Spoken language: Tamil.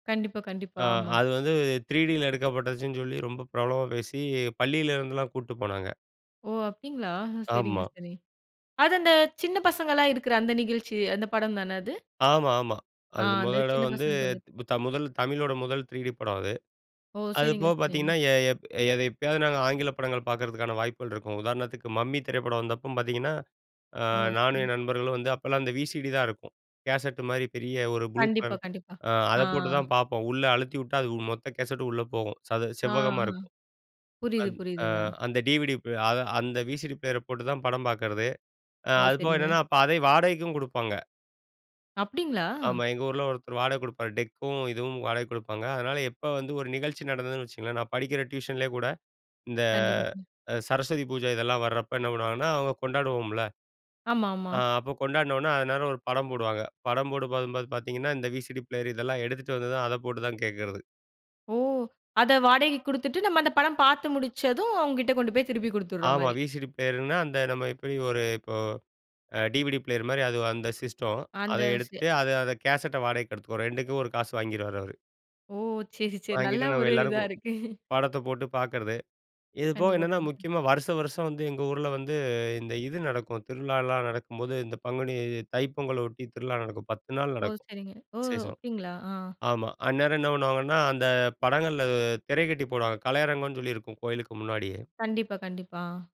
கண்டிப்பா, அ கண்டிப்பா. ஆமா. அது வந்து 3டியில எடுக்கப்பட்டுச்சுன்னு சொல்லி ரொம்ப பிரபலமா பேசி பள்ளியிலேருந்துலாம் கூட்டு போனாங்க. ஓ! அப்டிங்களா சரிங்க, ஆமா. சரி. அது அந்த சின்ன பசங்கள்லாம் இருக்கற அந்த நிகழ்ச்சி அந்த படம் தானே அது? ஆமா ஆமா. ஆ அது முத அந்த தடவ சின்ன வந்து, பசங்க கொஞ்சம். முதல் தமிழோட முதல் 3டி படம் அது. ஓ! அது சரிங்க, போக சரிங்க. பார்த்தீங்கன்னா, எ எப் எப்பயாவது நாங்க ஆங்கில படங்கள் பார்க்கறதுக்கான வாய்ப்புகள் இருக்கும் உதாரணத்துக்கு மம்மி திரைப்படம் வந்தப்போ பார்த்தீங்கன்னா, ஆ ஓ! நானும் சரி. என் நண்பர்களும் வந்து அப்பலாம் அந்த விசிடி தான் இருக்கும். கேசெட் மாரி பெரிய ஒரு ப்ளூ கண்டிப்பா, கலர் கண்டிப்பா. ஆ அத ஆ. போட்டு தான் பார்ப்போம். உள்ள அழுத்தி வுட்டா அது மொத்த கேசெட்டும் உள்ள போகும், சது செவ்வகமா ஆஹ இருக்கும். புரியுது, அந் ஆ புரியுதுங்க. அந்த டிவிடி ஆ அந்த விசிடி பிளேயர போட்டு தான் படம் பார்க்கறது. அ ஓ! அது போக சரிங்க. என்னன்னா, அப்ப அதையும் வாடகைக்கும் குடுப்பாங்க. அப்டிங்களா? ஆமா, எங்க ஊர்ல ஒருத்தர் வாடகை குடுப்பார், டெக்கும் இதுவும் வாடகை குடுப்பாங்க. அதனால எப்ப வந்து ஒரு நிகழ்ச்சி நடந்ததுன்னு வச்சுக்கோங்களேன், நான் படிக்கிற டியூஷன்லேயே கூட இந்த கண்டிப்பா. க அ சரஸ்வதி பூஜை இதெல்லாம் வர்றப்ப என்ன பண்ணுவாங்கன்னா, அவங்க கொண்டாடுவோம்ல. ஆமா, ஆமா. ஆ அப்ப கொண்டாடுனோனே அதநேரம் ஒரு படம் போடுவாங்க. படம் போடு பார்க்கும்போது பார்த்தீங்கன்னா, இந்த விசிடி பிளேயர இதெல்லாம் எடுத்துட்டு வந்தது, அத போட்டு தான் கேட்கறது ஓ! அத வாடகைக்கு குடுத்துட்டு, நம்ம அந்த படம் பார்த்து முடிச்சதும் அவங்ககிட்ட கொண்டு போய் திருப்பி குடுத்துற ஆமா, மாரி! விசிடி பிளேயர்ன்னா அந்த நம்ம எப்டி ஒரு இப்போ அ டிவிடி பிளேயர் மாரி அது அந்த சிஸ்டம். அத அந்த செ எடுத்துட்டு அத அத கேசெட்ட வாடகைக்கு எடுத்துக்க ரெண்டுக்கும் ஒரு காசு வாங்கிருவாரு அவரு. ஓ! சரி, சரி. நல்ல வாங்கிட்டு நம்ம ஒரு இதா எல்லாருக்கும் இருக்கு. படத்த போட்டு பார்க்குறது. இது போக கண்டிப்பா, என்னென்ன கண்டிப்பா. முக்கியமா வருஷம் வருஷம் வந்து எங்க ஊர்ல வந்து இந்த இது நடக்கும். திருவிழாலாம் நடக்கும்போது, இந்த பங்குனி தைப்பொங்கல்ல ஒட்டி திருவிழா நடக்கும், 10 நாள் ஓ! நடக்கும் சரிங்க. ஓ! விசேஷம். அப்டிங்களா! ஆ. ஆமா, அந்நேரம் என்ன பண்ணுவாங்கன்னா, அந்த படங்கள்ல திரை கட்டி போடுவாங்க. கலையரங்கம்னு சொல்லி இருக்கும் கோயிலுக்கு முன்னாடியே. கண்டிப்பா, கண்டிப்பா. ஆ.